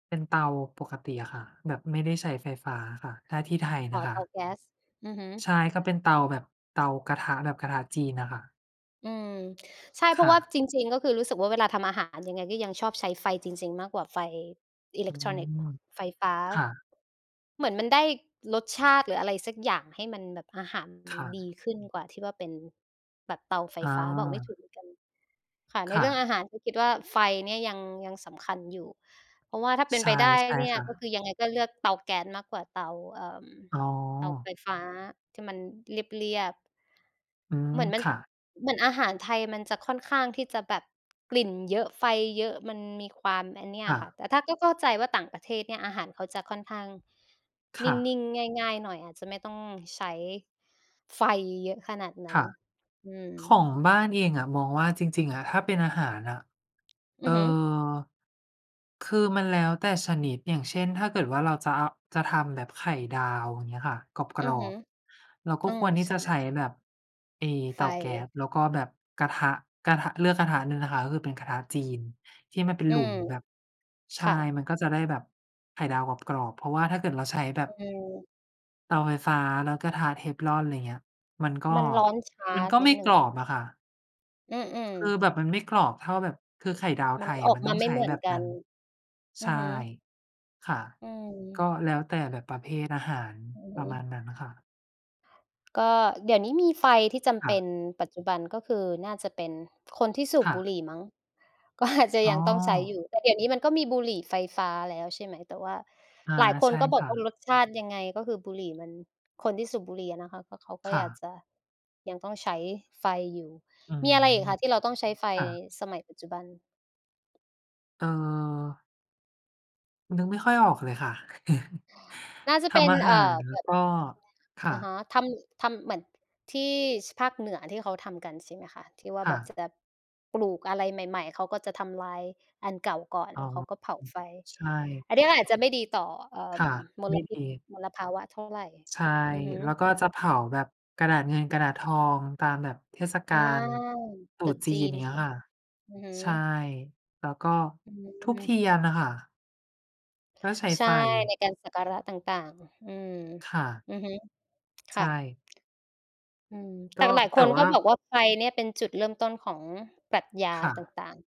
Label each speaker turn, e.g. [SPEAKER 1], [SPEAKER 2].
[SPEAKER 1] เป็นเตาปกติอะค่ะ แบบไม่ได้ใช้ไฟฟ้าค่ะ ถ้าที่ไทย
[SPEAKER 2] อ๋
[SPEAKER 1] น
[SPEAKER 2] อ
[SPEAKER 1] ะค
[SPEAKER 2] เ
[SPEAKER 1] ะ
[SPEAKER 2] ตาแก๊ส อือฮึ
[SPEAKER 1] ใช่ ก็เป็นเตาแบบเตากระทะ แบบกระทะจีนน่ะค่ะ
[SPEAKER 2] อืม ใช่ เ
[SPEAKER 1] ค
[SPEAKER 2] พรา
[SPEAKER 1] ่
[SPEAKER 2] ะว่า
[SPEAKER 1] ะ
[SPEAKER 2] จริง ๆ ก็คือรู้สึกว่าเวลาทำอาหาร ยังไงก็ยังชอบใช้ไฟจริง ๆ มากกว่าไฟอิเ
[SPEAKER 1] อ
[SPEAKER 2] ล
[SPEAKER 1] ื
[SPEAKER 2] ็กทรอนิกส์
[SPEAKER 1] ม
[SPEAKER 2] ไฟฟ้า
[SPEAKER 1] ค่ะ
[SPEAKER 2] เหมือนมันได้รสชาติหรืออะไรสักอย่าง ให้มันแบบอาหารม
[SPEAKER 1] ค
[SPEAKER 2] ัน
[SPEAKER 1] ่
[SPEAKER 2] ดี
[SPEAKER 1] ะ
[SPEAKER 2] ขึ้นกว่าที่ว่าเป็นแบบเตาไฟ
[SPEAKER 1] อ
[SPEAKER 2] ฟ้า บอกไม่ถู
[SPEAKER 1] า
[SPEAKER 2] กเหมือนกัน ค่ะ ใน
[SPEAKER 1] ค่
[SPEAKER 2] เรื่อง
[SPEAKER 1] ะ
[SPEAKER 2] อาหารคือคิดว่าไฟเนี่ยยัง ยังสำคัญอยู่ เพราะว่าถ้าเป็
[SPEAKER 1] ใ
[SPEAKER 2] น
[SPEAKER 1] ช
[SPEAKER 2] ไป
[SPEAKER 1] ่
[SPEAKER 2] ได้
[SPEAKER 1] ใช่
[SPEAKER 2] เนี่ย
[SPEAKER 1] ค่
[SPEAKER 2] ก็ค
[SPEAKER 1] ะ
[SPEAKER 2] ือยังไงก็เลือกเตาแก๊สมากกว่าเตา เอ่อ
[SPEAKER 1] อ๋อ
[SPEAKER 2] เตาไฟฟ้าที่มันเรียบ ๆ
[SPEAKER 1] อืม
[SPEAKER 2] เหมือนมั
[SPEAKER 1] ค
[SPEAKER 2] น
[SPEAKER 1] ่ะ
[SPEAKER 2] เหมือนอาหารไทยมันจะค่อนข้างที่จะแบบกลิ่นเยอะ ไฟเยอะ มันมีความ อันเนี่ย
[SPEAKER 1] ค่
[SPEAKER 2] ค่ะ
[SPEAKER 1] ะ
[SPEAKER 2] แต่ถ้าก็เข้าใจว่าต่างประเทศเนี่ย อาหารเขาจะค่อนข้าง
[SPEAKER 1] ค
[SPEAKER 2] นิ
[SPEAKER 1] ่
[SPEAKER 2] ่
[SPEAKER 1] ะ
[SPEAKER 2] ง ๆ ง่าย ๆ หน่อย อาจจะไม่ต้องใช้ไฟเยอะขนาดน
[SPEAKER 1] ค
[SPEAKER 2] ั้น
[SPEAKER 1] ่ะ
[SPEAKER 2] อื
[SPEAKER 1] ข
[SPEAKER 2] ม
[SPEAKER 1] องบ้านเองอะมองว่าจริง ๆ อะ ถ้าเป็นอาหารอะ
[SPEAKER 2] อ
[SPEAKER 1] เอ
[SPEAKER 2] ื
[SPEAKER 1] ่อ
[SPEAKER 2] อฮึ
[SPEAKER 1] คือมันแล้วแต่ชนิด อย่างเช่น ถ้าเกิดว่าเราจะเอา จะทำแบบไข่ดาว อย่างเงี้ยค่ะ ก
[SPEAKER 2] อื
[SPEAKER 1] ร
[SPEAKER 2] อ
[SPEAKER 1] อ
[SPEAKER 2] ฮึ
[SPEAKER 1] บ ๆ เราก็
[SPEAKER 2] อื
[SPEAKER 1] ค
[SPEAKER 2] ม
[SPEAKER 1] วรที่
[SPEAKER 2] ใช
[SPEAKER 1] จะใช
[SPEAKER 2] ่
[SPEAKER 1] ้แบบไอ้
[SPEAKER 2] ไ
[SPEAKER 1] เตาแก๊
[SPEAKER 2] ฟ
[SPEAKER 1] ส แล้วก็แบบกระทะ กระทะ เลือกกระทะหนึ่งนะคะ ก็คือเป็นกระทะจีนที่มันเป็น
[SPEAKER 2] อื
[SPEAKER 1] หลุ
[SPEAKER 2] ม
[SPEAKER 1] มแบบ ใ
[SPEAKER 2] ค
[SPEAKER 1] ช่
[SPEAKER 2] ่ะ
[SPEAKER 1] มันก็จะได้แบบไข่ดาวกรอบ ๆ เพราะว่าถ้าเกิดเราใช้แบ
[SPEAKER 2] อ
[SPEAKER 1] บ
[SPEAKER 2] ืม
[SPEAKER 1] เตาไฟฟ้าแล้วกระทะ Teflon อะไรอย่างเงี้ย มันก็
[SPEAKER 2] มันร้อนช้า
[SPEAKER 1] มันก็
[SPEAKER 2] นิ
[SPEAKER 1] ไม่
[SPEAKER 2] ดหนึ
[SPEAKER 1] ก
[SPEAKER 2] ่ง
[SPEAKER 1] รอบอะค่ะ
[SPEAKER 2] อืม
[SPEAKER 1] คื
[SPEAKER 2] ๆ
[SPEAKER 1] อแบบมันไม่กรอกเท่าแบบ คือไข่ดาว
[SPEAKER 2] ม
[SPEAKER 1] ไท
[SPEAKER 2] ัน
[SPEAKER 1] ยอ
[SPEAKER 2] อ
[SPEAKER 1] ะ
[SPEAKER 2] อก
[SPEAKER 1] มัน
[SPEAKER 2] ม
[SPEAKER 1] ต้
[SPEAKER 2] า
[SPEAKER 1] อง
[SPEAKER 2] ไม่
[SPEAKER 1] ใช้
[SPEAKER 2] เหมือ
[SPEAKER 1] แบ
[SPEAKER 2] น
[SPEAKER 1] บ
[SPEAKER 2] ก
[SPEAKER 1] น
[SPEAKER 2] ั
[SPEAKER 1] ั้
[SPEAKER 2] น
[SPEAKER 1] น ใ
[SPEAKER 2] อ
[SPEAKER 1] ช
[SPEAKER 2] ือ
[SPEAKER 1] ่
[SPEAKER 2] ฮึ
[SPEAKER 1] ค่ะ
[SPEAKER 2] อื
[SPEAKER 1] ก
[SPEAKER 2] ม
[SPEAKER 1] ็แล้วแต่แบบประเภทอาหาร
[SPEAKER 2] อือฮ
[SPEAKER 1] ประ
[SPEAKER 2] ึ
[SPEAKER 1] มาณนั้นค่ะ
[SPEAKER 2] ก็เดี๋ยวนี้มีไฟที่จำ
[SPEAKER 1] ค
[SPEAKER 2] เป
[SPEAKER 1] ่
[SPEAKER 2] ็
[SPEAKER 1] ะ
[SPEAKER 2] น ปัจจุบัน ก็คือน่าจะเป็นคนที่สู
[SPEAKER 1] ค
[SPEAKER 2] บ
[SPEAKER 1] ่
[SPEAKER 2] บุห
[SPEAKER 1] ะ
[SPEAKER 2] รี่มั้ง ก็อาจ จะ
[SPEAKER 1] อ๋
[SPEAKER 2] ยังต้องใช้อย
[SPEAKER 1] อ
[SPEAKER 2] ู่ แต่เดี๋ยวนี้มันก็มีบุหรี่ไฟฟ้าแล้ว ใช่ไหม แต่ว่า
[SPEAKER 1] อา
[SPEAKER 2] หลายค
[SPEAKER 1] ใ
[SPEAKER 2] น
[SPEAKER 1] ช่
[SPEAKER 2] ก็บอ
[SPEAKER 1] ค
[SPEAKER 2] ก
[SPEAKER 1] ่
[SPEAKER 2] ว่า
[SPEAKER 1] ะ
[SPEAKER 2] รสชาติยังไง ก็คือบุหรี่มัน คนที่สูบบุหรี่อะนะคะ ก็เขาก็
[SPEAKER 1] ค่
[SPEAKER 2] อยา
[SPEAKER 1] ะ
[SPEAKER 2] กจะ ยังต้องใช้ไฟอยู่
[SPEAKER 1] อื
[SPEAKER 2] มี
[SPEAKER 1] ม
[SPEAKER 2] อะไรอีกคะที่เราต้องใช้ไฟ
[SPEAKER 1] ค่ะ
[SPEAKER 2] สมัยปัจจุบัน?
[SPEAKER 1] เอ่อ นึกไม่ค่อยออกเลยค่ะ
[SPEAKER 2] น่าจะ
[SPEAKER 1] ท
[SPEAKER 2] เป็น
[SPEAKER 1] ำอา
[SPEAKER 2] เ
[SPEAKER 1] ห
[SPEAKER 2] อ
[SPEAKER 1] า
[SPEAKER 2] ่อ
[SPEAKER 1] ร แล้
[SPEAKER 2] แบ
[SPEAKER 1] ว
[SPEAKER 2] บ
[SPEAKER 1] ก็ ค่
[SPEAKER 2] อะฮ
[SPEAKER 1] ะ
[SPEAKER 2] ะ ทำ ทำเหมือน ท ที่ ช ภาคเหนือ ที่เขาทำกัน ใช่ไหมคะ ที่ว่า
[SPEAKER 1] ค
[SPEAKER 2] แ
[SPEAKER 1] ่
[SPEAKER 2] บบจ
[SPEAKER 1] ะ
[SPEAKER 2] ะแบบปลูกอะไรใหม่ ๆ เขาก็จะทำลายอันเก่าก่อน
[SPEAKER 1] อ๋
[SPEAKER 2] แล
[SPEAKER 1] อ
[SPEAKER 2] ้วเขาก็เผา
[SPEAKER 1] อืม
[SPEAKER 2] ไฟ
[SPEAKER 1] ใช่
[SPEAKER 2] อันเนี้ยก็อาจจะไม่ดีต่อ เอ่อ
[SPEAKER 1] ค
[SPEAKER 2] อ
[SPEAKER 1] ่
[SPEAKER 2] ืม
[SPEAKER 1] ะ
[SPEAKER 2] ม
[SPEAKER 1] ไม
[SPEAKER 2] ล
[SPEAKER 1] ่
[SPEAKER 2] พิ
[SPEAKER 1] ด
[SPEAKER 2] ษ
[SPEAKER 1] ี
[SPEAKER 2] มลภาวะเท่าไร
[SPEAKER 1] ใช่
[SPEAKER 2] อือฮ
[SPEAKER 1] แล้
[SPEAKER 2] ึ
[SPEAKER 1] วก็จะเผาแบบกระดาษเงินกระดาษทอง ตามแบบเทศก
[SPEAKER 2] อ
[SPEAKER 1] า
[SPEAKER 2] า
[SPEAKER 1] ลตรุ
[SPEAKER 2] ตรุ
[SPEAKER 1] ษ
[SPEAKER 2] ษ
[SPEAKER 1] จี
[SPEAKER 2] จ
[SPEAKER 1] น
[SPEAKER 2] ี
[SPEAKER 1] อ
[SPEAKER 2] น
[SPEAKER 1] ย่างเงี
[SPEAKER 2] ใ
[SPEAKER 1] ้
[SPEAKER 2] ช
[SPEAKER 1] ย
[SPEAKER 2] ่
[SPEAKER 1] ค่ะ
[SPEAKER 2] อือฮึ
[SPEAKER 1] ใช่ แล้วก็
[SPEAKER 2] อื
[SPEAKER 1] ธูปเท
[SPEAKER 2] ม
[SPEAKER 1] ียนอะค่ะ ก็ใช้
[SPEAKER 2] ใช
[SPEAKER 1] ไ
[SPEAKER 2] ่
[SPEAKER 1] ฟ
[SPEAKER 2] ในการสักการะต่าง ๆ อืม
[SPEAKER 1] ค่ะ
[SPEAKER 2] อือฮึ ค
[SPEAKER 1] ใช
[SPEAKER 2] ่ะ
[SPEAKER 1] ่
[SPEAKER 2] อืม
[SPEAKER 1] ก
[SPEAKER 2] แต
[SPEAKER 1] ็
[SPEAKER 2] ่กันหลาย
[SPEAKER 1] แต
[SPEAKER 2] ค
[SPEAKER 1] ่
[SPEAKER 2] น
[SPEAKER 1] ว
[SPEAKER 2] ก
[SPEAKER 1] ่
[SPEAKER 2] ็
[SPEAKER 1] า
[SPEAKER 2] บอกว่าไฟเนี่ยเป็นจุดเริ่มต้นของปรัชญา
[SPEAKER 1] ค่
[SPEAKER 2] ต
[SPEAKER 1] ะ
[SPEAKER 2] ่าง ๆ